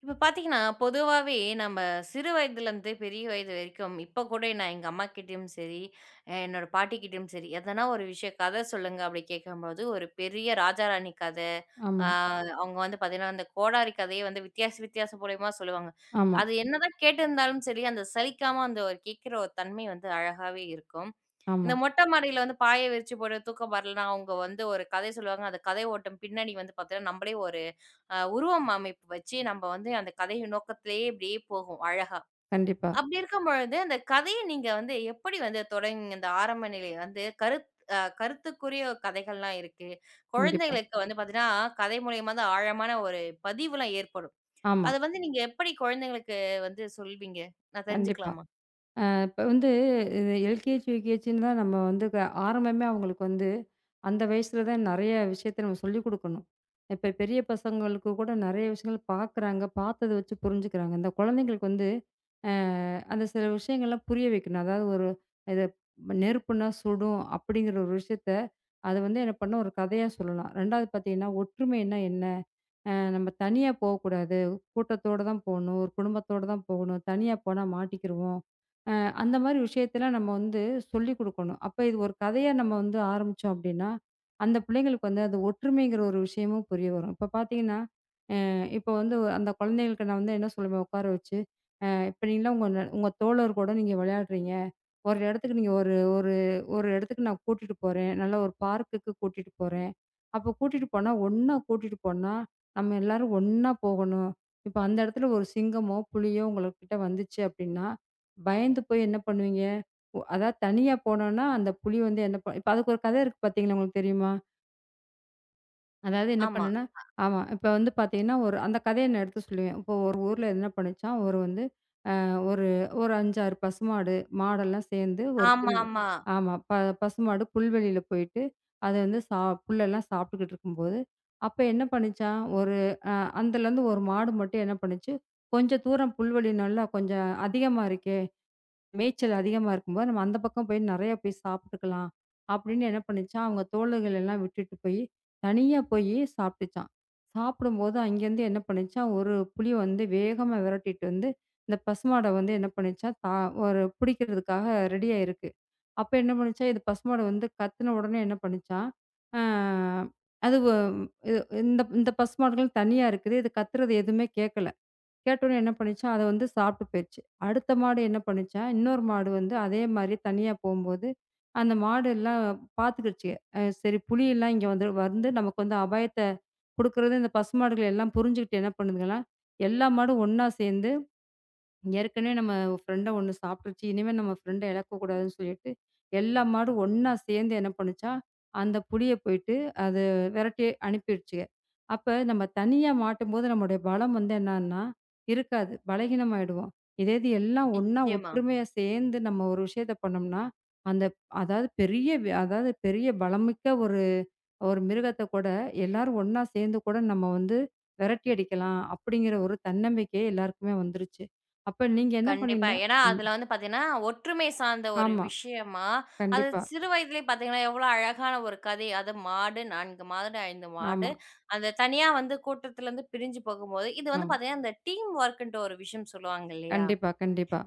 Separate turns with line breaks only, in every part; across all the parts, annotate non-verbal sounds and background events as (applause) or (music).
இப்ப பார்த்தீங்கன்னா, பொதுவாவே நாம சிறுவயதுல இருந்து பெரிய வயது வரைக்கும், இப்ப கூட நான் எங்க அம்மா கிட்டயும் சரி, என்னோட பாட்டி கிட்டயும் சரி, “ஏதனா ஒரு விஷயம், கதை சொல்லுங்க,” அப்படி கேட்கும்போது ஒரு பெரிய ராஜா, ராணி கதை, அ
ஆமா.
அவங்க வந்து பார்த்தீங்கன்னா, அந்த கோடாரி கதைய வந்து வித்தியாச, வித்தியாச மூலியமா சொல்லுவாங்க.
ஆமா.
அது என்னதான் கேட்டிருந்தாலும் சரி, அந்த சலிக்காம அந்த கேக்குற ஒரு தன்மை வந்து அழகாவே இருக்கும். இந்த
ஆமா.
மொட்டை மாடியில வந்து பாய விரிச்சு போட்டு தூக்கம் வரலன்னா, அவங்க வந்து ஒரு கதை சொல்லுவாங்க. அந்த கதை ஓட்டம் பின்னனி வந்து பாத்தீங்கன்னா, நம்மளே ஒரு உருவமைப்பு வச்சு, நம்ம வந்து அந்த கதையின் நோக்கத்துலேயே அப்படியே போவோம், அழகா.
கண்டிப்பா.
அப்படி இருக்கும் பொழுது, அந்த கதையை நீங்க வந்து எப்படி வந்து தொடங் இந்த ஆரம்ப நிலையில வந்து கருத்துக் அ, கருத்துக்குரிய கதைகள் எல்லாம் இருக்கு.
கண்டிப்பா.
குழந்தைகளுக்கு வந்து பாத்தீங்கன்னா கதை மூலமா தான் ஆழமான ஒரு பதிவு எல்லாம் ஏற்படும்.
ஆமா.
அது வந்து நீங்க எப்படி குழந்தைகளுக்கு வந்து சொல்வீங்க? நான்
கண்டிப்பா.
தெரிஞ்சுக்கலாமா?
அ, இப்ப வந்து இந்த எல்கேஜி, யூகேஜின்னுதான் நம்ம வந்து ஆரம்பமே அவங்களுக்கு வந்து, அந்த வயசுலதான் நிறைய விஷயத்தை நம்ம சொல்லிக் கொடுக்கணும். இப்ப பெரிய பசங்களுக்கு கூட நிறைய விஷயங்கள் பார்க்கறாங்க, பார்த்தத வச்சு புரிஞ்சுக்கிறாங்க. இந்த குழந்தைகளுக்கு வந்து, அ, அந்த சில விஷயங்கலாம் புரிய வைக்கணும். அதாவது ஒரு "இது நெருப்புன்னா சுடும்" அப்படிங்கிற ஒரு விஷயத்தை, அது வந்து என்ன பண்ணனும், ஒரு கதையா சொல்லலாம். 2ஆவது பார்த்தீங்கன்னா ஒற்றுமைன்னா என்ன? அ நம்ம தனியா போகக்கூடாது, கூட்டத்தோடதான் போகணும், ஒரு குடும்பத்தோடதான் போகணும், தனியா போனா மாட்டிக்கிருவோம். அ, அந்த மாதிரி விஷயத்தெல்லாம் நம்ம வந்து சொல்லிக் கொடுக்கணும். அப்ப இது ஒரு கதையா நம்ம வந்து ஆரம்பிச்சோம் அப்படின்னா, அந்த பிள்ளைங்களுக்கு வந்து, அந்த ஒற்றுமைங்கிற ஒரு விஷயமும் புரிய வரும். இப்ப பார்த்தீங்கன்னா, அ, இப்ப வந்து அந்த குழந்தைகளுக்கு நான் வந்து என்ன சொல்லுவேன் உட்கார வச்சு, "அ இப்ப நீங்கலாம் உங்க உங்க தோழர்களோட நீங்க விளையாடுறீங்க. ஒரு இடத்துக்கு நீங்க ஒரு ஒரு ஒரு இடத்துக்கு நான் கூட்டிட்டு போறேன். நல்லா ஒரு பார்க்குக்கு கூட்டிட்டு போறேன். அப்ப கூட்டிட்டு போனா ஒண்ணா கூட்டிட்டு போனா, நம்ம எல்லாரும் ஒண்ணா போகணும். இப்ப அந்த இடத்துல ஒரு சிங்கமோ, புலியோ உங்ககிட்ட வந்துச்சு அப்படின்னா பயந்து போய் என்ன பண்ணுவீங்க? அதாவது தனியா போனோம்னா அந்த புலி வந்து என்ன பண்ணும்" இப்ப அதுக்கு ஒரு கதை இருக்கு பாத்தீங்களா உங்களுக்கு தெரியுமா? அதாவது என்ன
ஆமா.
பண்ணும்னா
ஆ.
ஆமா, இப்போ வந்து பாத்தீங்கன்னா, ஒரு அந்த கதையை நான் எடுத்து சொல்லுவேன். இப்போ ஒரு ஊர்ல என்ன பண்ணச்சாம், ஒரு வந்து அ ஒரு ஒரு 5, 6 பசுமாடு, மாடு எல்லாம் சேர்ந்து ஒரு
ஆமா,
புல்
ஆமா.
ஆமா, ப பசுமாடு புல்வெளியில போயிட்டு, அது வந்து ச புல் எல்லாம் சாப்பிட்டுக்கிட்டு இருக்கும்போது, அப்போ என்ன பண்ணுச்சாம்? ஒரு அ அந்தல இருந்து 1 மாடு மட்டும் என்ன பண்ணுச்சு? "கொஞ்சம் தூரம் புல்வெளி நல்லா, கொஞ்சம் அதிகமா இருக்கே! மேய்ச்சல் அதிகமா இருக்கும்போது, நாம அந்த பக்கம் போய் நெறைய போய் சாப்பிட்டுக்கலாம்." அப்படின்னு என்ன பண்ணுச்சாம். அவங்க தோழர்கள் எல்லாம் விட்டுட்டு போயி, தனியா போயி சாப்பிடுச்சாம். சாப்பிடும்போது, அங்க இருந்து என்ன பண்ணுச்சாம்? 1 புலி வந்து வேகமா விரட்டிட்டு வந்து, இந்த பசுமாட வந்து என்ன பண்ணுச்சாம்? தா ஒரு புடிக்கிறதுக்காக ரெடியா இருக்கு. அப்ப என்ன பண்ணுச்சாம்? இந்த பசுமாடு வந்து கத்துனா உடனே, என்ன பண்ணுச்சாம்? ஆ, அதுக இ இந்த இந்த பசுமாடுகள் தனியா இருக்குது. இது கத்துறது எதுவுமே கேக்கல. கேட்ட உடனே என்ன பண்ணுச்சாம்? அதை வந்து சாப்பிட்டு போச்சு. அடுத்த மாடு என்ன பண்ணுச்சாம்? இன்னொரு மாடு வந்து அதே மாதிரி தனியா போகும்போது, அந்த மாடு எல்லாம் பாத்துக்கிருச்சுக, அ சரி, புலி எல்லாம் இங்க வந்து நமக்கு அந்த அபாயத்தைக் குடுக்கறது" இந்த பசுமாடுகள் எல்லாம் புரிஞ்சுக்கிட்டு என்ன பண்ணுதுங்களா? எல்லா மாடும் ஒண்ணா சேர்ந்து "ஏற்கனவே நம்ம ஃபிரெண்ட ஒண்ணு சாப்பிட்டுருச்சு. இனிமே நம்ம ஃபிரெண்ட இழக்கக்கூடாதுன்னு சொல்லிட்டு, எல்லா மாடும் ஒண்ணா சேர்ந்து என்ன பண்ணுச்சாம்? அந்த புலிய போயிட்டு, அதை விரட்டி அனுப்பிடுச்சுக. அப்ப நாம தனியா மாட்டும்போது, நம்முடைய பலம் என்னன்னாகும்னா, இருக்காது. பலவீனமாகிடுவோம். இதேது எல்லாம் ஒண்ணா,
நிச்சியமா.
ஒற்றுமையா சேர்ந்து நாம ஒரு விஷயத்தை பண்ணோம்னா, அந்த அதாவது பெரிய அதாவது பெரிய பலமிக்க ஒரு ஒரு மிருகத்தைக் கூட எல்லாரும் ஒண்ணா சேர்ந்து கூட நாம வந்து விரட்டி அடிக்கலாம் அப்படிங்கற ஒரு தன்னம்பிக்கை எல்லாருக்குமே வந்துருச்சு. அப்ப நீங்க என்ன
கண்டிப்பா.
பண்ணீங்கன்னா
ஏன்னா,
ம்.
அதுல வந்து பாத்தீங்கன்னா, ஒற்றுமை சார்ந்த ஒரு
ஆமா,
விஷயமா, அது
கண்டிப்பா.
சிறுவயதிலே பாத்தீங்கன்னா, எவ்ளோ அழகான ஒரு கதை அது. மாடு, 4 மாடு, 5 மாடு,
ஆமா.
அந்த தனியா வந்து கூட்டத்திலிருந்து பிரிஞ்சு போகும்போது இது வந்து
ஆமா.
பாத்தீங்கன்னா, அந்த டீம் வொர்க்ன்ட்டு ஒரு விஷயம் சொல்லுவாங்க இல்லையா? ஆ
கண்டிப்பா, கண்டிப்பா.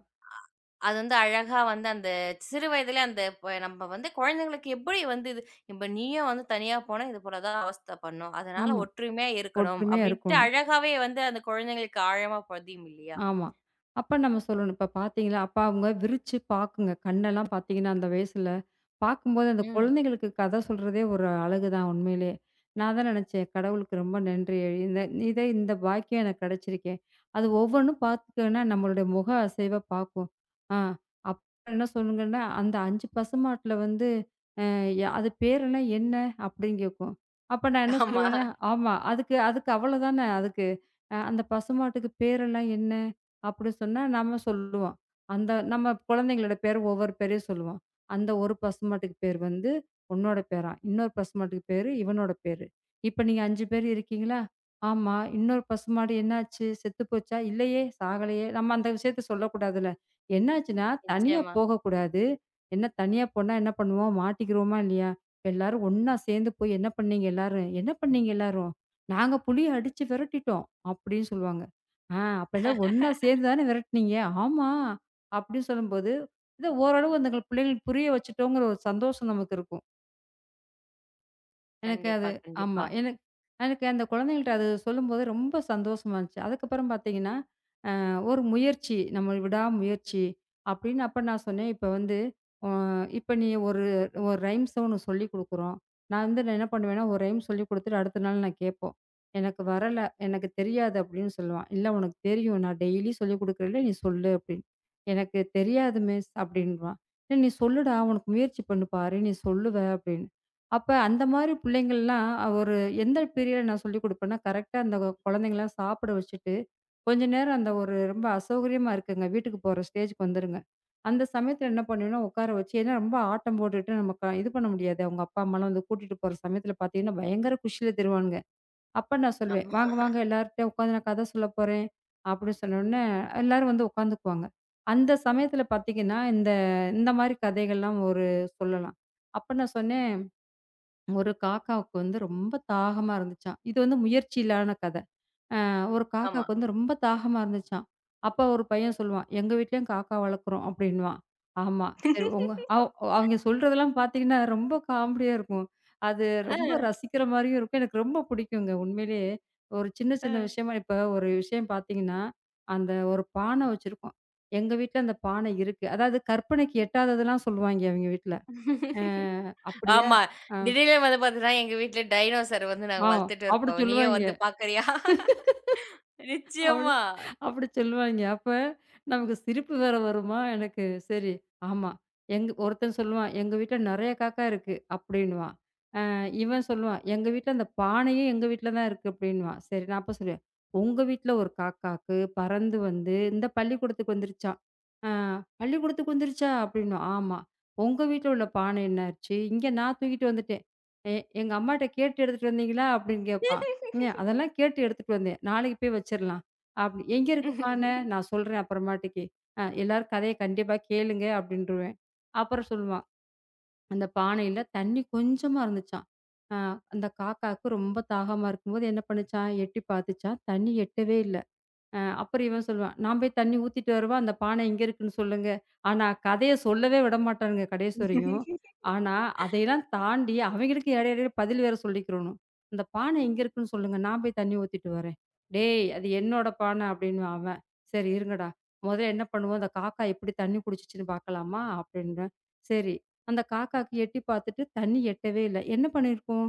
அது வந்து அழகா வந்து, அந்த சிறுவயதிலே, அந்த ப நம்ம வந்து குழந்தைகளுக்கு எப்படி வந்து இது? "இப்ப நீயும் வந்து தனியா போனா, இது போலதான் அவஸ்தை பண்ணும்." அதனால
ஆமா,
ஒற்றுமையா இருக்கணும்
ஒற்றுமையா
அப்படின்ட்டு,
இருக்கோணும்.
அழகாவே வந்து அந்த குழந்தைகளுக்கு ஆழமா பதியும் இல்லையா?
ஆமா. அப்ப நம்ம சொல்லணும். "இப்போ பாத்தீங்களா?" அப்பா, அவங்க விரிச்சு பாக்குங்க. கண்ணெல்லாம் பாத்தீங்கன்னா, அந்த வயசுல. பாக்கும்போது அந்தக்
ம்.
குழந்தைகளுக்குக் கதை சொல்றதே ஒரு அழகு தான், உண்மையிலே. நான் தான் நெனைச்சேன். "கடவுளுக்கு ரொம்ப நன்றி. இந்த இதை இந்த பாக்கியம் எனக்கு கெடைச்சிருக்கே." அது ஒவ்வொண்ணும் பாத்துட்டோம்னா, நம்மளோட முக அசைவை பாக்கும். ஆ, அப்புறம் என்ன சொல்லுங்கன்னா, "அந்த 5 பசுமாட்டுல வந்து ஆ, அது பேருலாம் என்ன?" அப்படின்னு கேக்கும். அப்ப நான் என்ன
ஆமா.
சொல்லுவேன்? "ஆமா, அதுக்கு அதுக்கு அவ்ளோதானே." அதுக்கு அந்த பசுமாட்டுக்கு பேருலாம் என்ன? அப்படின்னு சொன்னா, நாம சொல்லுவோம். அந்த நம்ம குழந்தைகளோட பேரை ஒவ்வொரு பேரையா சொல்லுவோம். "அந்த ஒரு பசுமாட்டுக்கு பேரு வந்து உன்னோட பேரா. இன்னொரு பசுமாட்டுக்கு பேரு இவனோட பேரு. இப்ப நீங்க 5 பேர் இருக்கீங்களா?" ஆமா, இன்னொரு பசுமாடு என்னாச்சு? செத்து போச்சா? இல்லையே. சாகலையே. நாம அந்த விஷயத்தை சொல்லக் கூடாதுல. என்ன ஆச்சுன்னா, தனியா
நிச்சியமா.
போகக் கூடாது. என்ன, தனியா போனா என்ன பண்ணுவோம்? மாட்டிக்கிறுவமா? இல்லையா? எல்லாரும் ஒண்ணா சேர்ந்து போய் என்ன பண்ணீங்க எல்லாரும்? என்ன பண்ணீங்க எல்லாரும்? "நாங்க புலிய அடிச்சு விரட்டிட்டோம்," அப்படின்னு சொல்லுவாங்க. ஆ, அப்ப எல்லாம் ஒண்ணா
(laughs)
சேர்ந்து தானே விரட்டினீங்க? ஆமா, அப்படின்னு சொல்லும்போது, இது ஓரளவு அந்தப் பிள்ளைகள்க்கு புரிய வெச்சிட்டோம்ங்கிற ஒரு சந்தோஷம் நமக்கு இருக்கும். எனக்கு அது
கண்டிப்பா,
ஆமா.
கண்டிப்பா.
எனக் எனக்கு அந்தக் குழந்தைகள்ட்ட அது சொல்லும்போது ரொம்ப சந்தோசமா இருந்துச்சு. அதுக்கப்புறம் பாத்தீங்கன்னா, அ ஒரு முயற்சி, நம்மளோட விடாமுயற்சி அப்படின்னு அப்ப நான் சொன்னேன். இப்ப வந்து அ இப்ப நீ ஒரு ஒரு ரைம்ஸ உனக்குச் சொல்லிக் கொடுக்கிறோம். நான் வந்து நான் என்ன பண்ணுவேன்னா, ஒரு ரைம்ஸ் சொல்லிக் கொடுத்துட்டு அடுத்த நாள் நான் கேட்போம். "எனக்கு வரல, எனக்குத் தெரியாது" அப்படின்னு சொல்லுவான். "இல்ல உனக்குத் தெரியும். நான் டெய்லி சொல்லிக் கொடுக்கறேன்ல. நீ சொல்லு" அப்படின்னு. "எனக்குத் தெரியாது மிஸ்." அப்படின்றுவான். "இல்ல நீ சொல்லுடா. உனக்கு முயற்சி பண்ணு, பாரு. நீ சொல்லுவே" அப்படின்னு. அப்ப அந்த மாரி புள்ளைங்கல்லாம் ஒரு எந்த பீரியட்ல நான் சொல்லிக் கொடுப்பேன்னா, கரெக்ட்டா அந்த க குழந்தைங்க எல்லாம் சாப்பிட வச்சிட்டு, கொஞ்ச நேரம் அந்த ஒரு ரொம்ப அசௌகரியமா இருக்குங்க. வீட்டுக்குப் போற ஸ்டேஜ்க்கு வந்துருங்க. அந்தச் சமயத்துல என்ன பண்ணுவேன்னா, உக்கார வச்சி ஏன்னா ரொம்ப ஆட்டம் போட்டுட்டு, நமக்கா இது பண்ண முடியாது. அவங்க அப்பா, அம்மா வந்து கூட்டிட்டு போற சமயத்துல பாத்தீங்கன்னா, பயங்கர குஷில திரிவானுங்குங்க. அப்ப நான் சொல்லுவேன்.
ஆமா.
"வாங்க, வாங்க. எல்லாருட்டயும் உக்காந்து நான் கதை சொல்லப் போறேன்" அப்படி சொன்னவுடனே, எல்லாரும் வந்து உக்காந்துக்குவாங்க. அந்தச் சமயத்துல பாத்தீங்கன்னா, இந்த இந்த மாதிரி கதைகள்லாம் ஒரு சொல்லலாம். அப்ப நான் சொன்னேன். "ஒரு காக்காவுக்கு வந்து ரொம்ப தாகமா இருந்துச்சாம்." இது வந்து முயற்சியில்லான கதை. அ ஒரு
ஆமா.
காக்காக்கு வந்து ரொம்ப தாகமா இருந்துச்சாம்." அப்ப ஒரு பையன் சொல்லுவான், எங்க வீட்டுலயும் காக்கா வளர்க்கிறோம்" அப்படின்னுவான். ஆமா. சரி உங்க அ
(laughs)
அவிங்க சொல்றதெல்லாம் பாத்தீங்கன்னா, ரொம்ப காமெடியா இருக்கும். அது
ஆ.
ரொம்ப ரசிக்கிற மாரியும் இருக்கும். எனக்கு ரொம்ப புடிக்குங்க. உண்மையிலேயே ஒரு சின்ன, சின்ன
ஆ.
விஷயமா இப்ப ஒரு விஷயம் பாத்தீங்கன்னா, "அந்த ஒரு பானை வச்சிருக்கும்" "எங்க வீட்டுல அந்தப் பானை இருக்கு" அதாவது கற்பனைக்கு எட்டாததெல்லாம் சொல்லுவாய்ங்க, அவிங்க வீட்டுல. அ அப்படியா?
ஆமா.
அ.
திடீர்னு வந்து பார்த்தீங்கன்னா, "எங்க வீட்டுல டைனோசர் வந்து நாங்க
ஆ.
வளர்த்துட்டு
அப்படி
இருக்கோம். நீயும்
சொல்லுவாய்ங்க.
வந்து பாக்குறியா?"
அப்படி
நிச்சயமா.
அப்படி சொல்லுவாய்ங்க. அப்ப நமக்குச் சிரிப்பு வேற வருமா? எனக்கு. சரி. ஆமா. எங் ஒருத்தன் சொல்லுவான். "எங்க வீட்டுல நிறைய காக்கா இருக்கு" அப்படின்னுவான். அ இவன் சொல்லுவான். "எங்க வீட்டுல அந்தப் பானையும் எங்க வீட்டுல தான் இருக்கு" அப்படின்னுவான். சரி. நான் அப்பச் சொல்லுவேன். "உங்க வீட்டுல ஒரு காக்காக்கு பறந்து வந்து இந்தப் பள்ளிக்கூடத்துக்கு வந்துருச்சாம்." அ "பள்ளிக்கூடத்துக்கு வந்துருச்சா?" அப்படின்னுவான். "ஆமா. உங்க வீட்டுல உள்ள பானை என்னாச்சு? இங்க நான் தூக்கிட்டு வந்துட்டேன்." "எ எங்க அம்மாட்ட கேட்டு எடுத்துட்டு வந்தீங்களா?" அப்படின்னு கேட்பான். ம் அ
(laughs)
"அதெல்லாம் கேட்டு எடுத்துட்டு வந்தேன். நாளைக்கு போய் வச்சிரலாம்." அப்பிடி "எங்க இருக்கு பானை?"
(chuckles)
"நான் சொல்றேன் அப்புறமேட்டுக்கு" "அ எல்லார் கதைய கண்டிப்பா கேளுங்க" அப்படின்றுவேன். அப்புறம் சொல்லுவான், "அந்தப் பானையில தண்ணி கொஞ்சமா இருந்துச்சாம். அ அந்தக் காக்காக்கு ரொம்ப தாகமா இருக்கும்போது என்ன பண்ணுச்சாம்? எட்டி பாத்துச்சாம். தண்ணி எட்டவே இல்ல." அ அப்புறம் இவன் சொல்லுவான், "நான் போய்த் தண்ணி ஊத்திட்டு வரவா? அந்தப் பானை இங்க இருக்குன்னு சொல்லுங்க." ஆனா கதையை சொல்லவே விடமாட்டானுங்க கடைசி வரையும். ஆனா,
(laughs)
அதையெல்லாம் தாண்டி அவங்களுக்கு இடையிடையில பதில் வேற சொல்லிக்கிறணும். "இந்தப் பானை எங்க இருக்குன்னு சொல்லுங்க. நான் போய்த் தண்ணி ஊத்திட்டு வர்றேன்." "டேய்! அது என்னோட பானை" அப்படின்னுவான் அவன். "சரி இருங்கடா, முதல்ல என்ன பண்ணுவோம்? அந்தக் காக்கா எப்படி தண்ணி குடிச்சிச்சுன்னு பாக்கலாமா? அப்படின்றேன். "சரி, அந்தக் காக்காக்கு எட்டி பாத்துட்டு தண்ணி எட்டவே இல்ல. என்ன பண்ணி இருக்கும்?"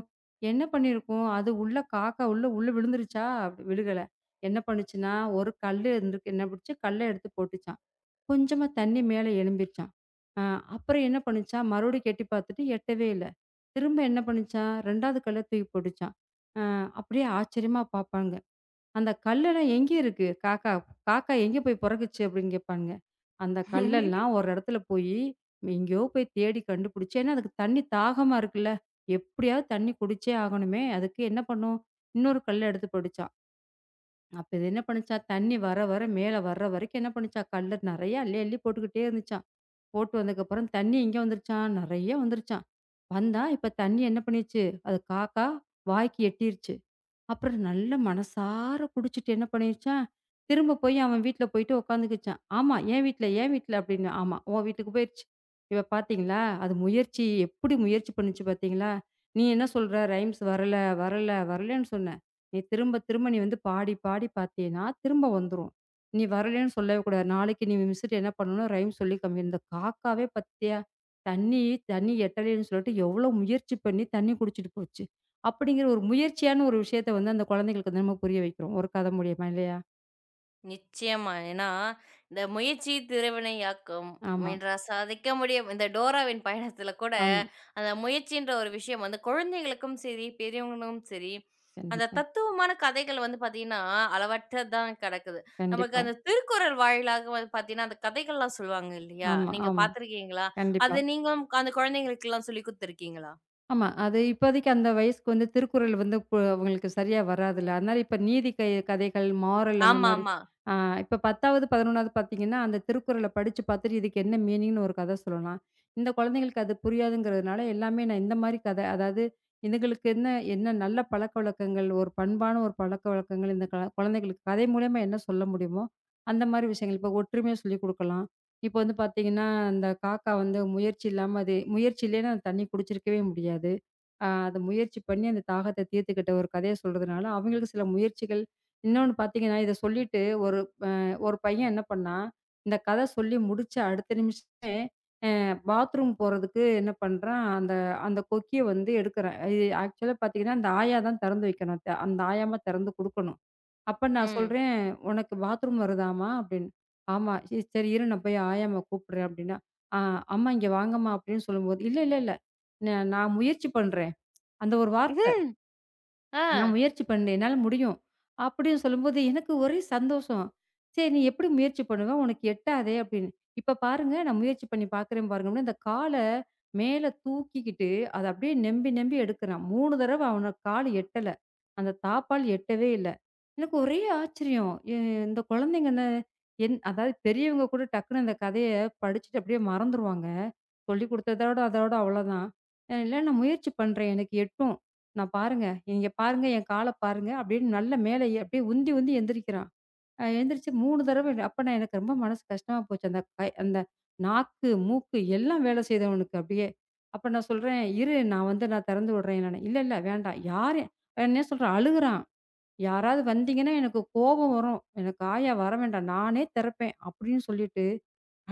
"என்ன பண்ணி இருக்கும்? அது உள்ள காக்கா உள்ள உள்ள விழுந்துருச்சா?" "விழுகல. என்ன பண்ணுச்சுனா, ஒரு கல்லு இருந்துருக்கு. என்ன பண்ணிச்சு? கல்லை எடுத்துப் போட்டுச்சாம். கொஞ்சமா தண்ணி மேல எழும்பிருச்சாம். அ அப்புறம் என்ன பண்ணுச்சாம்? மறுபடிக்கும் எட்டி பாத்துட்டு எட்டவே இல்ல. திரும்ப என்ன பண்ணுச்சாம்? 2வது கல்லை தூக்கி போட்டுச்சாம்." அ அப்படியே ஆச்சரியமா பாப்பாங்க. "அந்தக் கல்லு எல்லாம் எங்க இருக்கு? காக்கா காக்கா எங்க போய் பொறக்குச்சு?" அப்படின்னு கேப்பானுங்க. "அந்தக் கல்ல
(chuckles)
எல்லாம் ஒரு இடத்துல போயி, எங்கயோ போய்த் தேடி கண்டுபிடிச்சு ஏன்னா, அதுக்குத் தண்ணி தாகமா இருக்குல்ல. எப்படியாவது தண்ணி குடிச்சே ஆகணுமே, அதுக்கு என்ன பண்ணும்? இன்னொரு கல்லு எடுத்துப் போட்டுச்சாம். அப்போ இது என்ன பண்ணுச்சாம்? தண்ணி வர, வர மேல வர்ற வரைக்கும் என்ன பண்ணுச்சாம்? கல்லு நிறைய அள்ளி அள்ளி போட்டுகிட்டே இருந்துச்சாம். போட்டு வந்தக்கப்புறம் தண்ணி எங்க வந்துருச்சாம்? நிறைய வந்துருச்சாம். வந்தா இப்ப தண்ணி என்ன பண்ணிருச்சு? அதைக் காக்கா வாய்க்கு எட்டிருச்சு. அப்புறம் நல்லா மனசார குடிச்சுட்டு, என்ன பண்ணிடுச்சாம்? திரும்பப் போய் அவன் வீட்டுல போயிட்டு உக்காந்துக்குச்சாம்." "ஆமா. என் வீட்டுல, என் வீட்டுல" அப்படின்னுவான். ஆமா. உன் வீட்டுக்குப் போயிருச்சு. இப்ப பாத்தீங்களா? அது முயற்சி எப்படி முயற்சி பண்ணுச்சு பாத்தீங்களா? நீ என்ன சொல்ற? ரைம்ஸ் வரல, வரல, வரலைன்னு சொன்ன. நீ திரும்பத் திரும்ப நீ வந்து பாடிப் பாடி பாத்தீன்னா, திரும்ப வந்துரும். நீ வரலைன்னு சொல்லவே கூடாது. நாளைக்கு நீ மிஸ்ட்ட என்ன பண்ணனும்? ரைம்ஸ் சொல்லிக் காமிக்கணும். இந்தக் காக்காவே பாத்தியா? தண்ணி தண்ணி எட்டலைன்னு சொல்லிட்டு, எவ்ளோ முயற்சி பண்ணி தண்ணி குடிச்சுட்டு போச்சு" அப்படிங்குற ஒரு முயற்சியான ஒரு விஷயத்தை அந்தக் குழந்தைகளுக்கு வந்து நம்ம புரிய வைக்குறோம், ஒரு கதை மூலியமா இல்லையா?
நிச்சியமா. ஏன்னா இந்த முயற்சி திருவினை ஆக்கும்,
ஆமா.
முயன்றால் சாதிக்க முடியும். இந்த டோராவின் (chuckles) பயணத்துல கூட
ஆமா.
அந்த முயற்சின்ற ஒரு விஷயம் வந்து குழந்தைகளுக்கும் சரி, பெரியவங்களும் சரி. அந்தத்
கண்டிப்பா.
தத்துவமான கதைகள் வந்து பார்த்தீங்கன்னா, அளவற்றதான் கெடக்குது. நமக்கு
கண்டிப்பா.
அந்தத் திருக்குறள் வாயிலாக வந்து பாத்தீங்கன்னா, அந்தக் கதைகள்லாம் சொல்லுவாங்க இல்லையா?
ஆமா,
நீங்கப்
ஆமா.
பார்த்திருக்கீங்களா?
கண்டிப்பா.
அது நீங்களும் அந்தக் குழந்தைகளுக்குலாம் சொல்லிக் குடுத்திருக்கீங்களா?
ஆமா அது இப்போதைக்கு அந்த வயசுக்கு வந்து திருக்குறள் வந்து கு உங்களுக்குச் சரியா வராதுல. அதனால இப்ப நீதி கை கதைகள், மாரல் அந்த மாரி.
ஆமாமா.
அ இப்போ 10வது, 11வது பாத்தீங்கன்னா, அந்தத் திருக்குறள படிச்சு பாத்துட்டு இதுக்கு என்ன மீனிங் ஒரு கத சொல்லலாம். இந்தக் குழந்தைகளுக்கு அது புரியுங்கிறதுனால, எல்லாமே நான் இந்த மாரி கதை அதாவது இதுங்களுக்கு என்ன என்ன நல்ல பழக்கவழக்கங்கள், ஒரு பண்பான ஒரு பழக்க வழக்கங்கள் இந்தக் க குழந்தைகளுக்குக் கதை மூலியமா என்ன சொல்ல முடியுமோ அந்த மாரி விஷயங்கள் இப்ப ஒற்றுமையை சொல்லிக் குடுக்கலாம். இப்ப வந்து பாத்தீங்கன்னா அந்தக் காக்கா வந்து முயற்சி இல்லாம அது முயற்சி இல்லைனா தண்ணி குடிச்சு இருக்கவே முடியாது. ஆ அது முயற்சி பண்ணி அந்தத் தாகத்த தீர்த்துகிட்ட ஒரு கதையச் சொல்றதுனால அவங்களுக்கு சில முயற்சிகள் இன்னொன்னு பாத்தீங்கன்னா இத சொல்லிட்டு, ஒரு ஒரு பையன் என்ன பண்ணான். இந்தக் கத சொல்லி முடிச்சு அடுத்த நிமிஷமே அ பாத்ரூம் போறதுக்கு என்ன பண்றான் அந்த அந்தக் கொக்கிய வந்து எடுக்கிறான். அ ஆக்சுவல பாத்தீங்கன்னா அந்த ஆயா தான் தெறந்து வைக்கணும். அந்த ஆயாமா தெறந்து குடுக்கணும். அப்ப நான்
ம்.
சொல்றேன் உனக்கு பாத்ரூம் வருதாமா அப்டின்னு. ஆமா ச சரி இரு நான் போயி ஆயாமா கூப்பிடுறேன் அப்டின்னா, அ அம்மா இங்க வாங்கம்மா அப்டின்னு சொல்லம்போது, இல்ல இல்ல நான் முயற்சி பண்றேன். அந்த ஒரு வார்த்த.
(chuckles)
நான்
ஆ.
முயற்சி பண்ணேன். என்னால முடியும் அப்டின்னு சொல்லும்போது, எனக்கு ஒரே சந்தோஷம். சரி நீ எப்டி முயற்சி பண்ணுவ? உனக்கு எட்டாதே அப்டின்னு. இப்ப பாருங்க நான் முயற்சி பண்ணி பாக்குறேன் பாருங்க. இந்தக் கால மேல தூக்கி கிட்டு அத அப்டியே நெம்பி நெம்பி எடுக்கிறான். 3 தடவ அவன் கால் எட்டல. அந்தத் தாப்பாள் எட்டவே இல்ல. எனக்கு ஒரே ஆச்சரியம். இ இந்தக் குழந்தைங்க இந்த எந் அதாவது பெரியவங்க கூட டக்குன்னு அந்தக் கதைய படிச்சுட்டு அப்டியே மறந்துருவாங்க. சொல்லிக் குடுத்ததோட அதோட அவ்ளோ தான். அ இல்ல நான் முயற்சி பண்றேன். எனக்கு எட்டும். நான் பாருங்க, இங்க பாருங்க என் கால பாருங்க அப்டின்னு. நல்ல மேல எ அப்டியே உந்தி உந்தி எந்திரிக்கிறான். அ எந்திருச்சு 3 தடவ. அப்ப எனக்கு ரொம்ப மனசு கஷ்டமா போச்சு. அந்தக் கை அந்த நாக்கு, மூக்கு எல்லாம் வேல செய்தவனுக்கு அப்டியே. அப்ப நான் சொல்றேன், "இரு நான் வந்து நான் தெறந்து விடுறேன்." இல்ல, இல்ல வேண்டாம். யாரு என்ன சொல்ற? அழுகுறான். யாராவது வந்தீங்கன்னா, எனக்குக் கோவம் வரும். எனக்கு ஆயா வர வேண்டாம். நானே திறப்பேன் அப்டின்னு சொல்லிட்டு.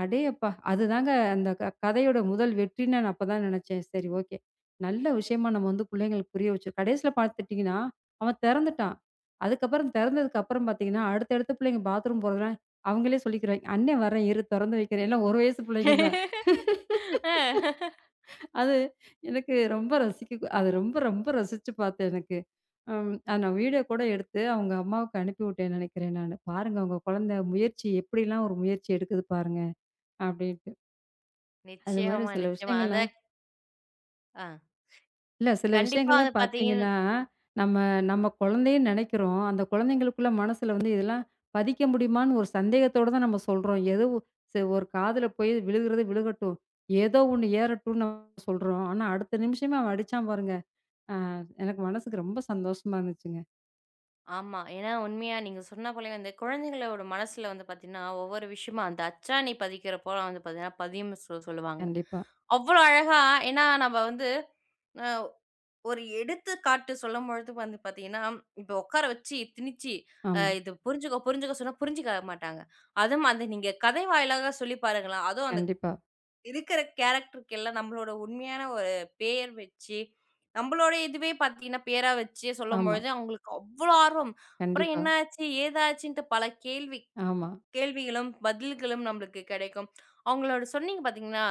அடேயப்பா! அதுதாங்க அந்தக் கதையோட முதல் வெற்றி. நான் அப்பத் தான் நெனைச்சேன். சரி ஓகே. நல்ல விஷயமா நம்ம புள்ளைகளுக்கு புரிய வச்சு கடைசியில பாத்தீங்கன்னா அவன் தெறந்துட்டான். அதுக்கப்புறம் தெறந்ததுக்கு அப்புறம் பாத்தீங்கன்னா, அடுத்தடுத்த புள்ளைங்க பாத்ரூம் போறதால அவங்களே சொல்லிக்கிறாங்க. அண்ணே வரேன் இரு திறந்து வைக்கிறேன். எல்லாம் 1 வயசு புள்ளைங்க தான்.
(laughs) ஆ. (laughs)
(laughs) அது எனக்கு ரொம்ப ரசிக்க அத ரொம்ப ரொம்ப ரசிச்சு பார்த்தேன் எனக்கு. அம், அத நான் வீடியோ கூட எடுத்து அவங்க அம்மாவுக்கு அனுப்பிவுட்டேன் நெனைக்கிறேன் நானு. பாருங்க உங்க குழந்தை முயற்சி எப்டிலாம் ஒரு முயற்சி எடுக்குது பாருங்க அப்டின்ட்டு. அது மாதிரி
நிச்சயமா,
சில
நிச்சயமா
விஷயங்கள்லாம்.
அதக் ஆ.
இல்ல, சில
கண்டிப்பா,
விஷயங்கள்லாம்
அதப் பார்த்தீங்கன்னா
பாத்தீங்கன்னா நம்ம நம்ம குழந்தைய நினைக்கிறோம். அந்தக் குழந்தைகளுக்குள்ள மனசுல வந்து இதெல்லாம் பதிக்க முடியுமான்னு ஒரு சந்தேகத்தோட தான் நம்ம சொல்றோம். ஏதோ சரி ஒரு காதுல போய் விழுகறதே விழுகட்டும். ஏதோ ஒன்னு ஏறட்டும்னு சொல்றோம். ஆனா அடுத்த நிமிஷமே அவன் அடிச்சான் பாருங்க, அ எனக்கு மனசுக்கு ரொம்ப சந்தோசமா இருந்துச்சுங்க.
ஆமா, ஏன்னா உண்மையா நீங்க சொன்ன போலயே வந்து குழந்தைகளோட மனசுல வந்து பாத்தீங்கன்னா ஒவ்வொரு விஷயமு அந்த அச்சானி பதிக்கற போல வந்து பாத்தீங்கன்னா பதியும்னு சொ சொல்லுவாங்க.
கண்டிப்பா.
அவ்ளோ அழகா ஏன்னா நம்ம வந்து (unintelligible) ஒரு எடுத்துக்காட்டு சொல்லும்பொழுது வந்து பாத்தீங்கன்னா இப்ப உக்கார வச்சு திணிச்சி அ
ஆமா.
இது புரிஞ்சுக்கோ புரிஞ்சுக்கோ சொன்னா புரிஞ்சுக்க மாட்டாங்க. அதுமாரி நீங்க கதை வாயிலாகச் சொல்லிப் பாருங்களேன். அதுவும் அந்த
கண்டிப்பா.
இருக்கிற கேரக்டர்க்கெல்லாம் நம்மளோட உண்மையான ஒரு பெயர் வச்சு, நம்மளோட இதுவே பாத்தீங்கன்னா பெயரா வச்சே
ஆமா.
சொல்லும்பொழுது அவங்களுக்கு அவ்ளோ ஆர்வம். அப்புறம்
கண்டிப்பா.
என்னாச்சு, ஏதாச்சுன்னுட்டு பல கேள்வி.
ஆமா.
கேள்விகளும் பதில்களும் நம்மளுக்கு கிடைக்கும். அவங்களோட சொன்னீங்க பாத்தீங்கன்னா,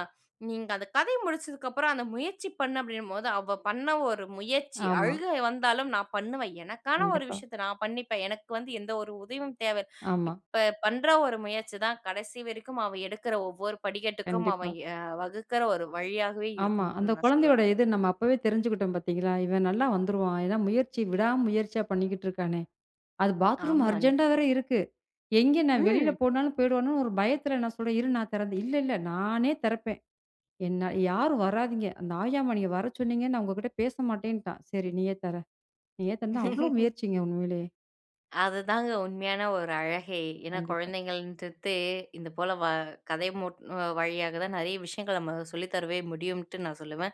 நீங்க அந்தக் கதை முடிச்சதுக்கப்புறம் அந்த முயற்சி பண்ணு அப்டின்னும்போது, அவள் பண்ண ஒரு முயற்சி.
ஆமா.
அழுகை வந்தாலும் நான் பண்ணுவேன். எனக்கான ஒரு
கண்டிப்பா.
விஷயத்தை நான் பண்ணிப்பேன். எனக்கு வந்து எந்த ஒரு உதவியும் தேவை
ஆமா.
இப்ப பண்ற ஒரு முயற்சிதான் கடைசி வரைக்கும் அவள் எடுக்கிற ஒவ்வொரு படிக்கட்டுக்கும்
கண்டிப்பா.
அவன் எ வகுக்கிற ஒரு வழியாகவே
ஆமா அந்த
இருக்கும்ட்டு நான் சொல்லுவேன்.
குழந்தையோட இத நம்ம அப்பவே தெரிஞ்சுக்கிட்டோம் பாத்தீங்களா. இவன் நல்லா வந்துருவான். ஏன்னா முயற்சி விடாமுயற்சியா பண்ணிக்கிட்டுருக்கானே. அது பாத்ரூம்
ஆமா.
அர்ஜண்டா வேற இருக்கு. எங்க நான் வெளில
ம்.
போனாலும் போயிடுவானோன்னு ஒரு பயத்துல நான் சொல்றேன். இரு நான் திறந்தேன் "இல்லில்ல, நானே திறப்பேன். என்ன யாரும் வராதீங்க. அந்த ஆயா மணிய வரச் சொன்னீங்க நான் உங்ககிட்ட பேசமாட்டேன்னுட்டான்" சரி நீயே திற. நீயே திறந்து அவ்ளோ
(chuckles)
முயற்சிங்க உண்மையிலே.
அதுதாங்க உண்மையான ஒரு அழகே. ஏன்னா
கண்டிப்பா.
குழந்தைகளின்டுத்தே இந்தப்போல வ கதை மூட் வழியாகதான் நிறைய விஷயங்கள நம்ம சொல்லித்தருவே முடியும்னுட்டு நான் சொல்லுவேன்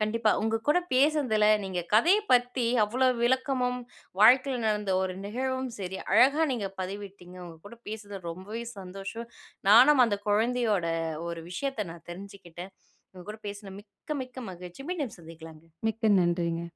கண்டிப்பா. உங்க கூடப் பேசுனதுல நீங்க கதையப் பத்தி அவ்ளோ விளக்கமும் வாழ்க்கைல நடந்த ஒரு நிகழ்வும் சரி, அழகா நீங்கப் பதிவிட்டீங்க. உங்க கூடப் பேசுறது ரொம்பவே சந்தோஷம். நானும் அந்தக் குழந்தையோட ஒரு விஷயத்தை நான் தெரிஞ்சுகிட்டேன். உங்க கூடப் பேசுனா மிக்க, மிக்க மகிழ்ச்சி. மீண்டும் சந்திக்கலாங்க.
மிக்க நன்றிங்க.